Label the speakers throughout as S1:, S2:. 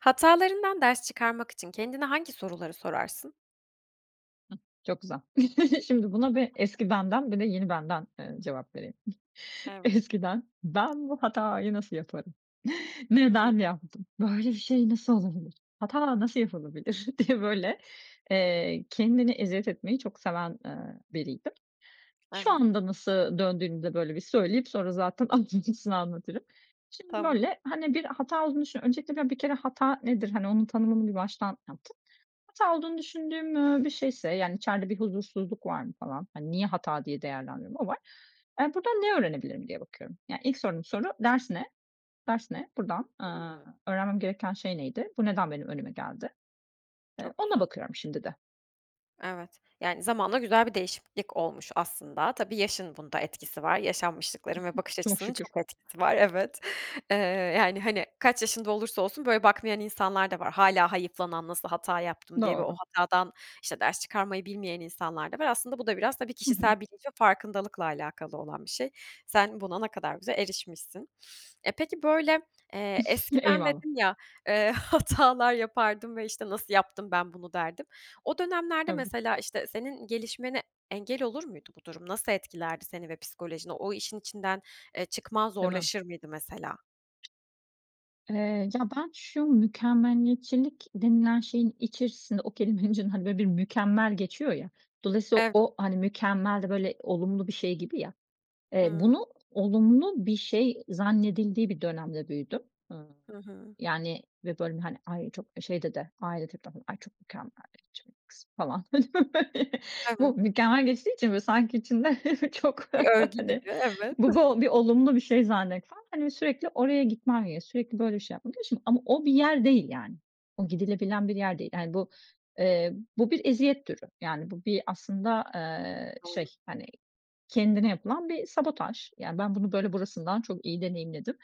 S1: Hatalarından ders çıkarmak için kendine hangi soruları sorarsın?
S2: Çok güzel. Şimdi buna bir eski benden bir de yeni benden, ııı, cevap vereyim.
S1: Evet.
S2: Eskiden ben, "Bu hatayı nasıl yaparım?
S1: Hıı.
S2: Neden yaptım, böyle bir şey nasıl olabilir, hata nasıl yapılabilir?" diye böyle, eee, kendine eziyet etmeyi çok seven, eee, biriydim. Şu
S1: Evet.
S2: anda nasıl döndüğünü de böyle bir söyleyip sonra zaten ayrıntısını anlatırım. Şimdi
S1: Tamam.
S2: böyle hani bir hata olduğunu düşünüyor Öncelikle bir kere hata nedir hani onun tanımını bir baştan yaptım. Hata olduğunu düşündüğüm, ııı, bir şeyse yani içeride bir huzursuzluk var mı falan. Hani niye hata diye değerlendiriyorum o var. Eee, buradan ne öğrenebilirim diye bakıyorum. Yani ilk sorduğum soru, "Ders ne? Ders ne?" Buradan, eee,
S1: Hıı.
S2: öğrenmem gereken şey neydi? Bu neden benim önüme geldi? Eee,
S1: Çok
S2: ona
S1: güzel.
S2: bakıyorum şimdi de.
S1: Evet. Yani zamanla güzel bir değişiklik olmuş aslında. Tabii yaşın bunda etkisi var. Yaşanmışlıkların ve bakış
S2: Çok
S1: açısının
S2: şükür.
S1: çok etkisi var evet. Eee, yani hani kaç yaşında olursa olsun böyle bakmayan insanlar da var. Hâlâ hayıflanan "nasıl hata yaptım" diye ve o
S2: Doğru.
S1: hatadan işte ders çıkarmayı bilmeyen insanlar da var. Aslında bu da biraz tabii
S2: Hı hı.
S1: kişisel bilinç ve farkındalıkla alakalı olan bir şey. Sen buna ne kadar güzel erişmişsin. E, peki, böyle, eee, eskiden
S2: Eyvallah.
S1: dedin ya, eee, hatalar yapardım ve işte "nasıl yaptım ben bunu" derdim. O dönemlerde
S2: Evet.
S1: mesela işte senin gelişmene engel olur muydu bu durum? Nasıl etkilerdi seni ve psikolojini? O işin içinden, eee, çıkman
S2: Değil mi?
S1: zorlaşır mıydı mesela?
S2: Eee, ya, ben şu mükemmeliyetçilik denilen şeyin içerisinde o kelimenin içinde, hani, böyle bir "mükemmel" geçiyor ya, dolayısıyla
S1: Ev
S2: o hani "mükemmel" de böyle olumlu bir şey gibi ya. Eee,
S1: Hıı.
S2: bunu olumlu bir şey zannedildiği bir dönemde büyüdüm.
S1: Hı hı.
S2: Yani ve böyle, hani, "Ay, çok şeyde de, ailede de var, ay çok mükemmeliyetçi bir kız." falan, böyle.
S1: Evet.
S2: Bu "mükemmel" geçtiği için böyle sanki içinde çok,
S1: Bir örgü
S2: hani,
S1: gibi, evet.
S2: bu bo bir olumlu bir şey zannetsen. Hani, bir sürekli oraya gitmen gerekli sürekli böyle bir şey yapmadığı için. Ama o bir yer değil yani. O gidilebilen bir yer değil. Yani, bu, eee, bu bir eziyet türü. Yani, bu bir aslında, eee, şey,
S1: Doğru.
S2: hani, kendine yapılan bir sabotaj. Yani, ben bunu böyle burasından çok iyi deneyimledim.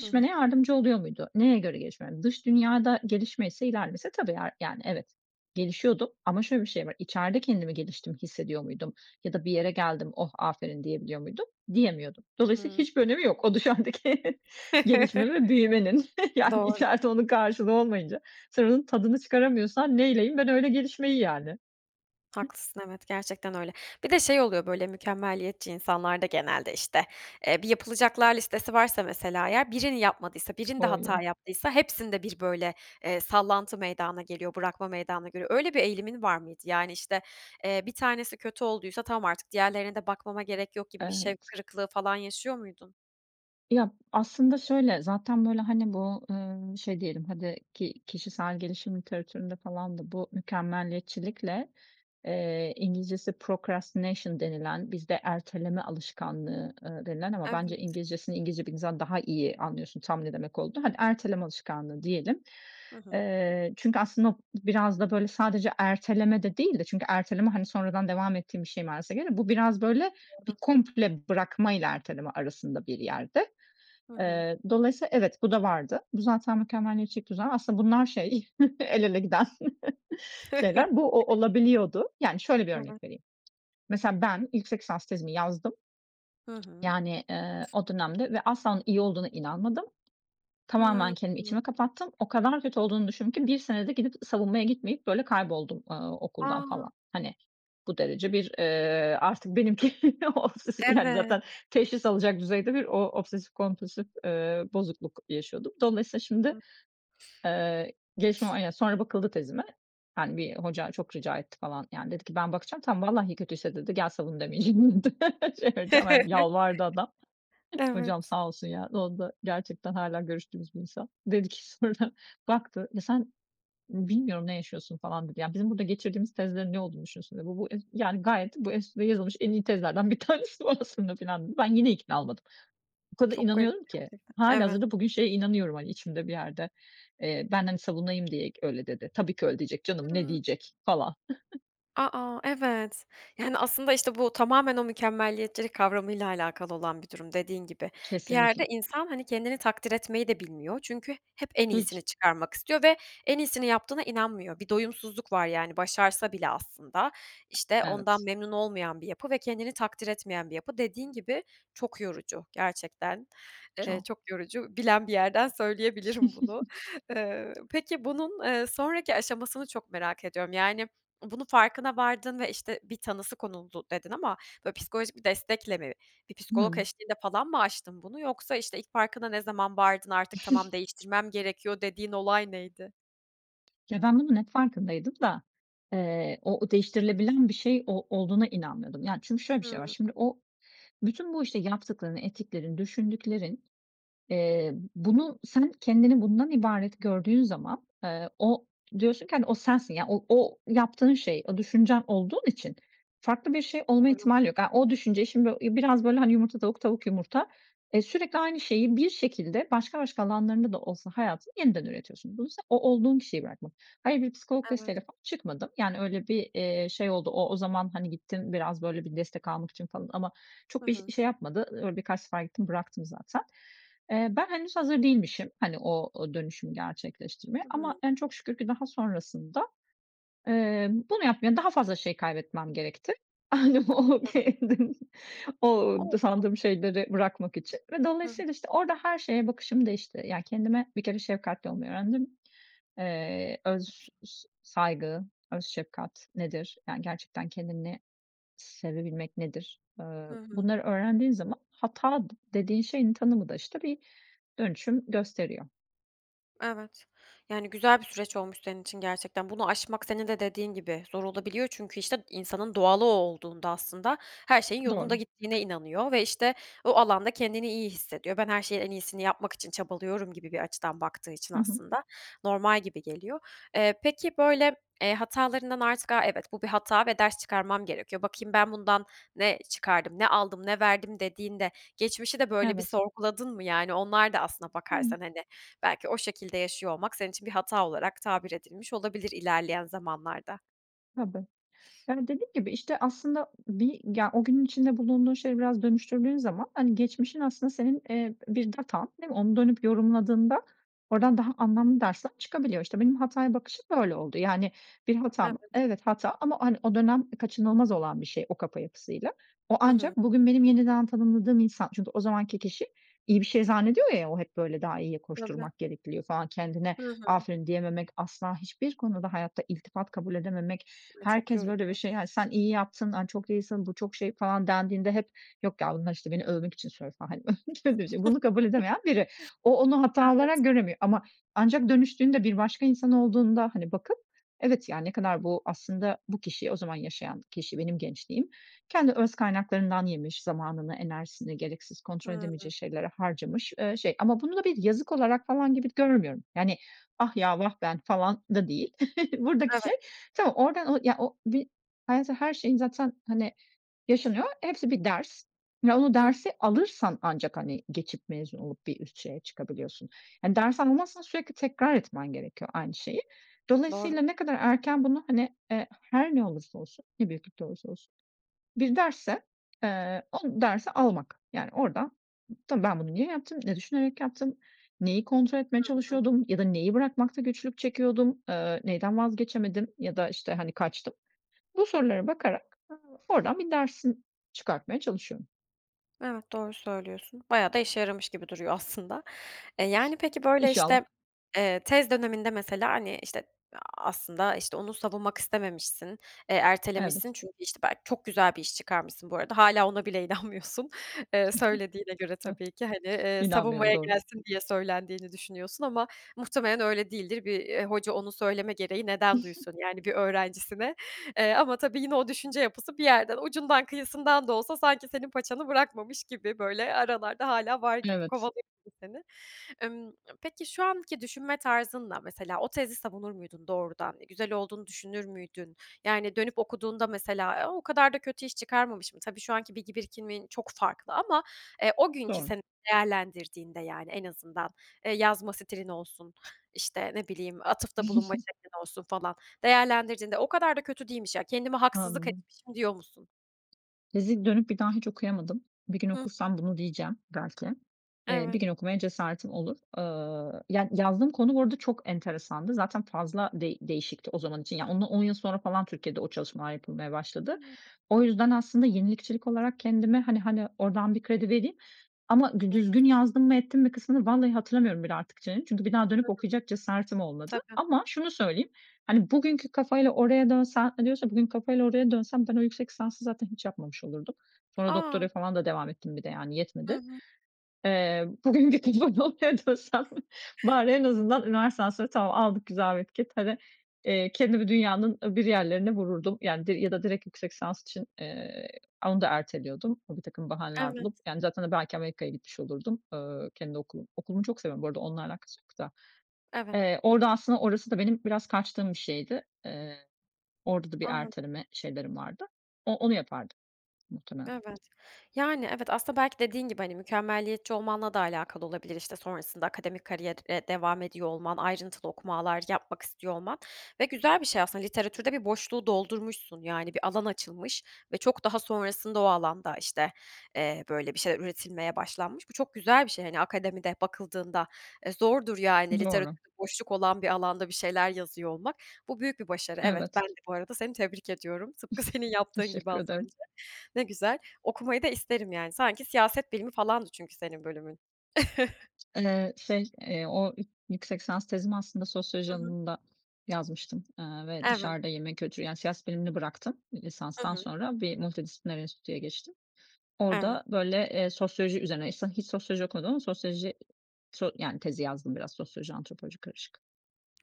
S1: Hı hı.
S2: yardımcı oluyor muydu? Neye göre gelişmeme? Dış dünyada gelişmeyse, ilerlemeyse tabii yar yani evet, gelişiyordum ama şöyle bir şey var, içeride kendimi geliştiğimi hissediyor muydum ya da bir yere geldim "Oh, aferin!" diyebiliyor muydum, diyemiyordum. Dolayısıyla
S1: Hıı.
S2: hiçbir önemi yok. O dışarıdaki gelişme ve büyümenin yani
S1: Doğru.
S2: içeride onun karşılığı olmayınca sen onun tadını çıkaramıyorsan neyleyeyim ben öyle gelişmeyi, yani.
S1: Haklısın, evet gerçekten öyle. Bir de şey oluyor böyle mükemmeliyetçi insanlarda genelde işte. Eee, bir yapılacaklar listesi varsa mesela eğer birini yapmadıysa, birinde
S2: Boğuyor.
S1: hata yaptıysa hepsinde bir böyle, eee, sallantı meydana geliyor, bırakma meydana geliyor. Öyle bir eğilimin var mıydı? Yani işte, eee, 1 tanesi kötü olduysa tamam artık diğerlerine de bakmama gerek yok gibi bir şevk
S2: Evet.
S1: kırıklığı falan yaşıyor muydun?
S2: Ya, aslında şöyle, zaten, böyle, hani, bu, ııı, şey diyelim hadi, ki kişisel gelişim literatüründe falan da bu mükemmeliyetçilikle, eee, İngilizcesi procrastination denilen, bizde erteleme alışkanlığı, ııı, denilen ama bence
S1: Evet.
S2: İngilizcesini İngilizce bildiğin zaman daha iyi anlıyorsun tam ne demek olduğunu. Hani, erteleme alışkanlığı diyelim.
S1: Hı hı.
S2: Eee, çünkü aslında biraz da böyle sadece erteleme de değil de çünkü erteleme, hani, sonradan devam ettiğin bir şey, manasına geliyor. Bu biraz, böyle,
S1: Doğru.
S2: bir komple bırakmayla erteleme arasında bir yerde.
S1: Hı hı.
S2: Eee, dolayısıyla evet, bu da vardı. Bu zaten mükemmeliyetçilik düzen. Aslında bunlar şey el ele giden şeyler. Bu, o olabiliyordu. Yani, şöyle bir
S1: Evet.
S2: örnek vereyim. Mesela ben yüksek lisans tezimi yazdım.
S1: Hı hı.
S2: Yani, eee, o dönemde ve asla onun iyi olduğuna inanmadım. Tamamen
S1: Hımm.
S2: kendimi içimi kapattım. O kadar kötü olduğunu düşündüm ki 1 senede gidip savunmaya gitmeyip, böyle, kayboldum, aaa, okuldan
S1: A!
S2: falan. Hani, bu derece bir, eee, artık benimki obsesif yani,
S1: Evet.
S2: zaten teşhis alacak düzeyde bir o obsesif kompulsif, eee, bozukluk yaşıyordum. Dolayısıyla şimdi, eee, gelişme var, yani, sonra bakıldı tezime. Hani, bir hoca çok rica etti falan, yani, dedi ki: "Ben bakacağım. Tamam, vallahi kötüyse" dedi, "gel savun demeyeceğim." dedi şey vereceğim. Hani, yalvardı adam.
S1: Evet.
S2: Hocam sağ olsun ya, onda gerçekten hâlâ görüştüğümüz bir insan. Dedi ki sonra, baktı, "Ya, sen bilmiyorum ne yaşıyorsun." falan dedi, "Yani, bizim burada geçirdiğimiz tezlerin ne olduğunu düşünüyorsun?" dedi, "Bu bu, ez yani, gayet bu es bu yazılmış en iyi tezlerden 1 tanesi bu aslında." filan dedi. Ben yine ikna olmadım. O kadar
S1: Çok garip
S2: inanıyorum ki.
S1: gerçekten. Evet.
S2: Hâlihazırda bugün şeye inanıyorum, hani, içimde bir yerde, eee, ben, hani, savunayım diye g öyle dedi. "Tabii ki öyle diyecek canım, ne
S1: Hımm.
S2: diyecek?" falan.
S1: A, a, evet. Yani, aslında, işte, bu tamamen o mükemmeliyetçilik kavramıyla alakalı olan bir durum dediğin gibi. Bir yerde
S2: Kesinlikle.
S1: insan, hani, kendini takdir etmeyi de bilmiyor çünkü hep en iyisini
S2: Hiç.
S1: çıkarmak istiyor ve en iyisini yaptığına inanmıyor. Bir doyumsuzluk var yani başarsa bile aslında. İşte, ondan
S2: Evet.
S1: memnun olmayan bir yapı ve kendini takdir etmeyen bir yapı. Dediğin gibi çok yorucu gerçekten. Eee,
S2: Çok.
S1: çok yorucu. Bilen bir yerden söyleyebilirim bunu. Eee, peki bunun, eee, sonraki aşamasını çok merak ediyorum. Yani, bunun farkına vardın ve, işte, bir tanısı konuldu dedin ama böyle psikolojik bir destekle mi? Bir psikolog
S2: Hımm.
S1: eşliğinde falan mı aştın bunu yoksa işte ilk farkına ne zaman vardın artık tamam değiştirmem gerekiyor dediğin olay neydi?
S2: Ya, ben bunun hep farkındaydım da, eee, o o değiştirilebilen bir şey o olduğuna inanmıyordum. Yani, çünkü şöyle bir şey var.
S1: Hımm.
S2: Şimdi o bütün bu, işte, yaptıkların, ettiklerin, düşündüklerin, eee, bunu sen kendini bundan ibaret gördüğün zaman, eee, o diyorsun ki, hani, o sensin. Yani, o o yaptığın şey o düşüncen olduğun için farklı bir şey olma
S1: Doğru.
S2: ihtimali yok. A, o düşünce şimdi i biraz böyle, hani, yumurta tavuk tavuk yumurta, eee, sürekli aynı şeyi bir şekilde başka başka alanlarında da olsa hayatın yeniden üretiyorsun. Bunu sen o olduğun kişiyi bırakman. Hayır, bir psikolog
S1: Evet.
S2: desteğiyle falan çıkmadım. Yani, öyle bir, eee, şey oldu o o zaman, hani, gittim biraz böyle bir destek almak için falan ama
S1: Hı
S2: çok da ş
S1: hı.
S2: şey yapmadı, öyle birkaç sefer gittim bıraktım zaten. Eee, ben henüz hazır değilmişim, hani, o o dönüşümü gerçekleştirmeye
S1: Hı
S2: ama,
S1: hı.
S2: yani, çok şükür ki daha sonrasında, emm, bunu yapmaya daha fazla şey kaybetmem gerekti. Hani,
S1: Ne
S2: o
S1: güzel.
S2: [unintelligible] o
S1: Olsun.
S2: sandığım şeyleri bırakmak için ve
S1: Hı hı.
S2: dolayısıyla, işte, orada her şeye bakışım değişti. Yani, kendime bir kere şefkatli olmayı öğrendim. Eee, öz s saygı, öz şefkat nedir, yani, gerçekten kendini sevebilmek nedir, eee,
S1: Hı hı.
S2: bunları öğrendiğin zaman hata d dediğin şeyin tanımı da, işte, bir dönüşüm gösteriyor.
S1: Evet. Yani, güzel bir süreç olmuş senin için gerçekten. Bunu aşmak senin de dediğin gibi zor olabiliyor çünkü, işte, insanın doğalı o olduğunda aslında her şeyin yolunda
S2: Doğru.
S1: gittiğine inanıyor ve, işte, o alanda kendini iyi hissediyor. Ben her şeyin en iyisini yapmak için çabalıyorum gibi bir açıdan baktığı için
S2: Hı hı.
S1: aslında normal gibi geliyor. Eee, peki, böyle, eee, hatalarından artık a, "evet, bu bir hata ve ders çıkarmam gerekiyor. Bakayım ben bundan ne çıkardım, ne aldım, ne verdim," dediğinde geçmişi de böyle bir
S2: Evet.
S1: sorguladın mı? Yani, onlar da aslına
S2: Hıı.
S1: bakarsan, hani, belki o şekilde yaşıyor olmak senin için bir hata olarak tabir edilmiş olabilir ilerleyen zamanlarda.
S2: Tabii. Yani, dediğim gibi, işte, aslında bir ya, o günün içinde bulunduğun şeyleri biraz dönüştürdüğün zaman, hani, geçmişin aslında senin, eee, bir datan, değil mi? Onu dönüp yorumladığında oradan daha anlamlı dersler çıkabiliyor. İşte, benim hataya bakışım böyle oldu. Yani, bir hata mı?
S1: Evet.
S2: Evet, hata ama, hani, o dönem kaçınılmaz olan bir şey, o kafa yapısıyla. O
S1: Hı hı.
S2: ancak bugün benim yeniden tanımladığım insan, çünkü o zamanki kişi iyi bir şey zannediyor ya, o hep, böyle, daha iyiye
S1: Tabii.
S2: koşturmak gerekli diyor falan, kendine
S1: Hı hı.
S2: aferin diyememek, asla hiçbir konuda hayatta iltifat kabul edememek.
S1: O, çok
S2: Herkes,
S1: yorucu.
S2: böyle, bir şey, hani, sen iyi yaptın, aaa, çok iyisin, bu çok şey falan dendiğinde hep, yok ya, bunlar, işte, beni övmek için söylüyor, falan, hani, övülünce de bunu kabul edemeyen biri. O onu hata
S1: Evet.
S2: olarak göremiyor ama ancak dönüştüğünde, bir başka insan olduğunda, hani, bakıp, evet, ya, ne kadar, bu aslında bu kişi, o zaman yaşayan kişi benim gençliğim, kendi öz kaynaklarından yemiş, zamanını, enerjisini gereksiz kontrol
S1: Hıı.
S2: edemeyeceği şeylere harcamış, eee, şey. Ama bunu da bir yazık olarak, falan, gibi görmüyorum. Yani, ah, ya, vah, ben falan da değil buradaki
S1: Evet.
S2: şey. Tamam, oradan ya o bir hayatta her şey zaten, hani, yaşanıyor. Hepsi bir ders ve onu
S1: Hıı.
S2: dersi alırsan ancak, hani, geçip, mezun olup bir üst şeye çıkabiliyorsun. Hani, ders almazsan sürekli tekrar etmen gerekiyor aynı şeyi.
S1: Doğru.
S2: Dolayısıyla ne kadar erken bunu, hani, eee, her ne olursa olsun, ne büyüklükte olursa olsun, bir dersse, eee, o dersi almak. Yani, oradan, tabii ben bunu niye yaptım, ne düşünerek yaptım, neyi kontrol etmeye
S1: Hı hı.
S2: çalışıyordum ya da neyi bırakmakta güçlük çekiyordum, eee, neyden vazgeçemedim ya da, işte, hani, kaçtım? Bu sorulara bakarak oradan bir dersin çıkartmaya çalışıyorum.
S1: Evet, doğru söylüyorsun. Bayağı da işe yaramış gibi duruyor aslında. Eee, yani, peki, böyle,
S2: İnşallah.
S1: işte, eee, tez döneminde mesela, hani, işte, aaa, aslında, işte, onu savunmak istememişsin, eee,
S2: Evet.
S1: ertelemişsin çünkü, işte, belki çok güzel bir iş çıkarmışsın bu arada, hâlâ ona bile inanmıyorsun. Eee,
S2: Hı
S1: söylediğine göre
S2: hı. Hıh.
S1: tabii ki, hani, eee,
S2: İnanmıyorum,
S1: savunmaya
S2: doğru.
S1: gelsin diye söylendiğini düşünüyorsun ama muhtemelen öyle değildir. Bir, ııı, hoca onu söyleme gereği neden duysun, yani, bir öğrencisine? Eee, ama tabii yine o düşünce yapısı bir yerden, ucundan kıyısından da olsa sanki senin paçanı bırakmamış gibi, böyle, aralarda hâlâ var gibi,
S2: Evet.
S1: kovalıyor gibi seni. Emm, peki, şu anki düşünme tarzınla, mesela, o tezi savunur muydun doğrudan? Güzel olduğunu düşünür müydün? Yani, dönüp okuduğunda mesela, eee, o kadar da kötü iş çıkarmamışım. Tabii şu anki bilgi birikimin çok farklı ama, eee, o günkü
S2: Doğru.
S1: seni değerlendirdiğinde, yani, en azından, eee, yazma stilin olsun, işte, ne bileyim atıfta bulunma şeklin olsun, falan, değerlendirdiğinde "O kadar da kötü değilmiş, ya. Kendime haksızlık
S2: Anladım.
S1: etmişim." Diyor musun?
S2: Tezi dönüp bir daha hiç okuyamadım. Bir gün
S1: Hıh.
S2: okursam bunu diyeceğim, belki. Eee, bir
S1: Evet.
S2: gün okumaya cesaretim olur. Eee, ya, yazdığım konu bu arada çok enteresandı. Zaten fazla değ değişikti o zaman için. Ya, onu yıl sonra falan Türkiye'de o çalışmalar yapılmaya başladı.
S1: Imm.
S2: O yüzden aslında yenilikçilik olarak kendime, hani hani, oradan bir kredi vereyim ama dü
S1: Ne
S2: düzgün
S1: güzel.
S2: yazdım mı ettim mi kısmını vallahi hatırlamıyorum bile artık.. [unintelligible] Çünkü bir daha
S1: Hı
S2: dönüp
S1: hı.
S2: okuyacak cesaretim olmadı.
S1: Tabii.
S2: Ama şunu söyleyeyim, hani, bugünkü kafayla oraya dönsen, hani, diyorsan ki bugünkü kafayla oraya dönsem ben o yüksek lisansı zaten hiç yapmamış olurdum. Sonra
S1: A!
S2: doktoraya falan da devam ettim bir de, yani,
S1: Hı
S2: yetmedi.
S1: hı.
S2: Eee, bugün gidip o noktaya dönsem bari en azından üniversiteden sonra tamam aldık, güzel bir etiket hadi, eee, kendimi dünyanın öbür yerlerine vururdum, yani, di ya da direkt yüksek lisans için, eee, onu da erteliyordum birtakım bahaneler
S1: Evet.
S2: bulup. Yani, zaten, hani, belki Amerika'ya gitmiş olurdum, eee, kendi okulum. Okulumu çok seviyorum bu arada, onunla alakası yok da.
S1: Evet.
S2: Eee, orada aslında orası da benim biraz kaçtığım bir şeydi. Eee, orada da bir
S1: Anladım.
S2: erteleme şeylerim vardı. O onu yapardım muhtemelen.
S1: Evet, yani, evet, aslında belki dediğin gibi, hani, mükemmeliyetçi olmanla da alakalı olabilir, işte, sonrasında akademik kariyere devam ediyor olman, ayrıntılı okumalar yapmak istiyor olman ve güzel bir şey aslında, literatürde bir boşluğu doldurmuşsun, yani, bir alan açılmış ve çok daha sonrasında o alanda, işte, eee, böyle, bir şeyler üretilmeye başlanmış. Bu çok güzel bir şey, hani, akademide bakıldığında, eee, zordur, yani,
S2: Doğru.
S1: literatürde boşluk olan bir alanda bir şeyler yazıyor olmak. Bu büyük bir başarı, evet, ben
S2: Evet.
S1: de bu arada seni tebrik ediyorum, tıpkı senin yaptığın gibi
S2: Teşekkür
S1: az
S2: ederim.
S1: önce. Ne güzel, okumayı da isterim, yani, sanki siyaset bilimi falandı, çünkü senin bölümün.
S2: Eee, şey, eee, o yük yüksek lisans tezimi aslında sosyoloji
S1: Hı hı.
S2: alanında yazmıştım, eee, ve
S1: Evet.
S2: dışarıda yeme kültürü, yani, siyaset bilimini bıraktım
S1: Hı
S2: lisanstan
S1: hı.
S2: sonra bir multidisipliner enstitüye geçtim.
S1: Evet.
S2: Orada, böyle, eee, sosyoloji üzerine, [unintelligible] hiç sosyoloji okumadım ama sosyoloji so yani, tezi yazdım biraz, sosyoloji, antropoloji karışık.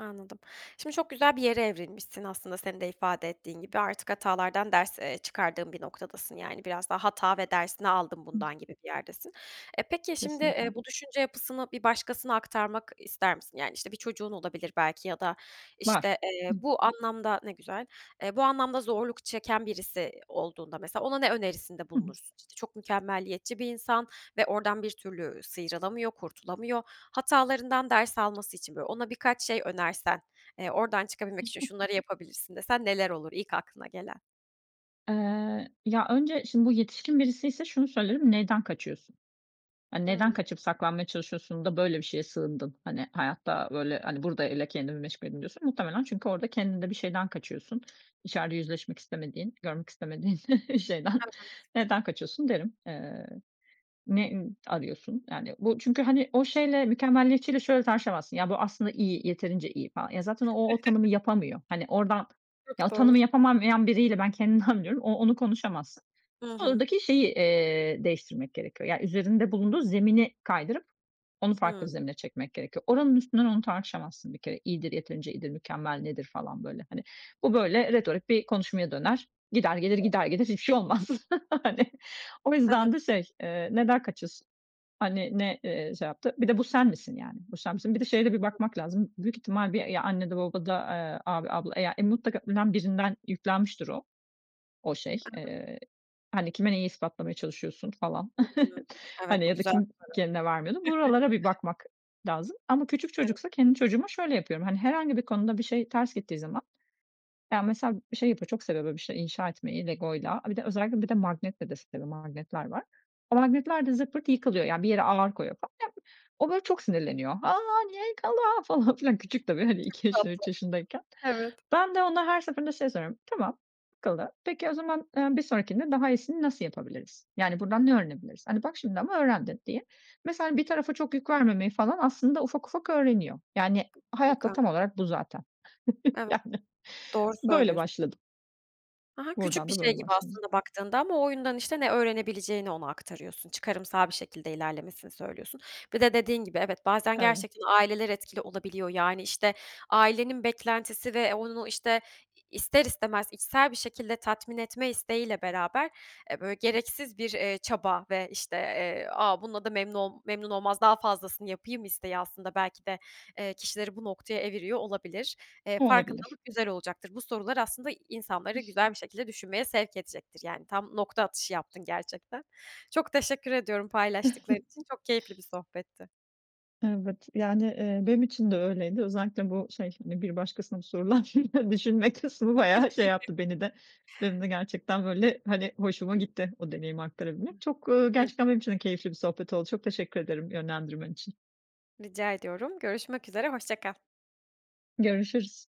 S1: Anladım. Şimdi çok güzel bir yere evrilmişsin aslında senin de ifade ettiğin gibi. Artık hatalardan ders, eee, çıkardığın bir noktadasın, yani, biraz daha hata ve dersini aldım
S2: Hıh.
S1: bundan gibi bir yerdesin. E, peki şimdi, eee,
S2: Kesinlikle.
S1: bu düşünce yapısını bir başkasına aktarmak ister misin? Yani, işte, bir çocuğun olabilir belki ya da,
S2: Var.
S1: işte, eee,
S2: Hıh.
S1: bu anlamda Ne güzel. Eee, bu anlamda zorluk çeken birisi olduğunda mesela ona ne önerisinde
S2: Hı hı.
S1: bulunursun? İşte, çok mükemmeliyetçi bir insan ve oradan bir türlü sıyrılamıyor, kurtulamıyor. Hatalarından ders alması için, böyle, ona birkaç şey önersen, eee, oradan
S2: Hı
S1: çıkabilmek için
S2: hı.
S1: şunları yapabilirsin desen neler olur ilk aklına gelen?
S2: Eee, ya, önce şimdi bu yetişkin birisiyse şunu söylerim, "Neden kaçıyorsun? Hani, neden
S1: Hımm.
S2: kaçıp saklanmaya çalışıyorsun da böyle bir şeye sığındın? Hani, hayatta, böyle, hani, burada öyle kendimi meşgul edeyim diyorsun. Muhtemelen çünkü orada kendinde bir şeyden kaçıyorsun. İçeride yüzleşmek istemediğin, görmek istemediğin şeyden.
S1: Evet.
S2: Neden kaçıyorsun?" derim. Eee, "Ne, ımm, arıyorsun?" yani Bu çünkü, hani, o şeyle, mükemmeliyetçiyle şöyle tartışamazsın "Ya, bu aslında iyi, yeterince iyi." falan. Ya, zaten o o tanımı yapamıyor. Hani, oradan
S1: Çok
S2: ya, o
S1: doğru.
S2: tanımı yapamayan biriyle, ben kendimden biliyorum, o onu konuşamazsın.
S1: Hı hı.
S2: Oradaki şeyi, eee, değiştirmek gerekiyor, yani, üzerinde bulunduğu zemini kaydırıp onu farklı bir
S1: Hımm.
S2: zemine çekmek gerekiyor. Oranın üstünden onu tartışamazsın bir kere. İyidir, yeterince iyidir, mükemmel nedir, falan, böyle, hani. Bu, böyle, retorik bir konuşmaya döner, gider, gelir, gider,
S1: [unintelligible]
S2: gelir, hiçbir şey olmaz, hani. O
S1: Evet.
S2: yüzden de şey, eee, "Neden kaçıyorsun, hani, ne, eee, şey yaptı, bir de bu sen misin, yani, bu sen misin?" Bir de şeye de bir
S1: [unintelligible]
S2: bakmak lazım, büyük ihtimal bir, eee, ya annede, babada, eee, abi, abla, eee, ya, mutlaka önem birinden yüklenmiştir o o şey.
S1: I hı.
S2: Eee, hani, "Kime neyi ispatlamaya çalışıyorsun?" falan,
S1: Hımm. Evet,
S2: hani,
S1: bu
S2: ya da
S1: güzel soru.
S2: "Kim kendine vermiyordun?" Buralara bir bakmak lazım ama küçük
S1: Evet.
S2: çocuksa, kendi çocuğuma şöyle yapıyorum, hani, herhangi bir konuda bir şey ters gittiği zaman Ya, mesela şey yapıyor, çok seviyor, böyle, bir şey inşa etmeyi legoyla, a, bir de özellikle bir de magnetle de seviyor. Magnetler var. O magnetler de zırt pırt yıkılıyor, yani, bir yere ağır koyuyor, falan. Ya, o, böyle, çok sinirleniyor. "A, niye yıkıldı?" falan filan.
S1: Bu
S2: Küçük tabii, hani, 2
S1: çok
S2: yaşında,
S1: tatlı.
S2: 3 yaşındayken.
S1: Evet.
S2: Ben de ona her seferinde şey soruyorum, "Tamam, yıkıldı. Peki, o zaman, eee, bir sonrakinde daha iyisini nasıl yapabiliriz? Yani, buradan ne öğrenebiliriz? Hani, bak şimdi ama öğrendin." diye. Mesela, bir tarafa çok yük vermemeyi falan aslında ufak ufak öğreniyor. Yani, hayat da
S1: Harika.
S2: tam olarak bu zaten.
S1: Evet,
S2: Yani.
S1: doğru
S2: Böyle
S1: söylüyorsun.
S2: başladım.
S1: Ha ha, küçük
S2: Buradan
S1: bir
S2: da
S1: şey
S2: böyle
S1: gibi
S2: başladım.
S1: aslında baktığında ama o oyundan, işte, ne öğrenebileceğini ona aktarıyorsun, çıkarımsal bir şekilde ilerlemesini söylüyorsun. Bir de dediğin gibi, evet, bazen
S2: Evet.
S1: gerçekten aileler etkili olabiliyor. Yani, işte, ailenin beklentisi ve onun o, işte, ister istemez içsel bir şekilde tatmin etme isteğiyle beraber, eee, böyle, gereksiz bir, eee, çaba ve, işte, eee, "A, bununla da memnun ol memnun olmaz, daha fazlasını yapayım." isteği aslında belki de, eee, kişileri bu noktaya eviriyor olabilir. Eee,
S2: Olabilir.
S1: farkındalık güzel olacaktır. Bu sorular aslında insanları güzel bir şekilde düşünmeye sevk edecektir, yani. Tam nokta atışı yaptın gerçekten. Çok teşekkür ediyorum paylaştıkların için. Çok keyifli bir sohbetti.
S2: Evet, yani, eee, benim için de öyleydi. Özellikle bu şey, hani, bir başkasına sorulan düşünme kısmı bayağı şey yaptı beni de. Benim de gerçekten, böyle, hani, hoşuma gitti o deneyimi aktarabilmek. Çok, eee, gerçekten
S1: [unintelligible]
S2: benim için de keyifli bir sohbet oldu. Çok teşekkür ederim yönlendirmen için.
S1: Rica ediyorum. Görüşmek üzere. Hoşça kal.
S2: Görüşürüz.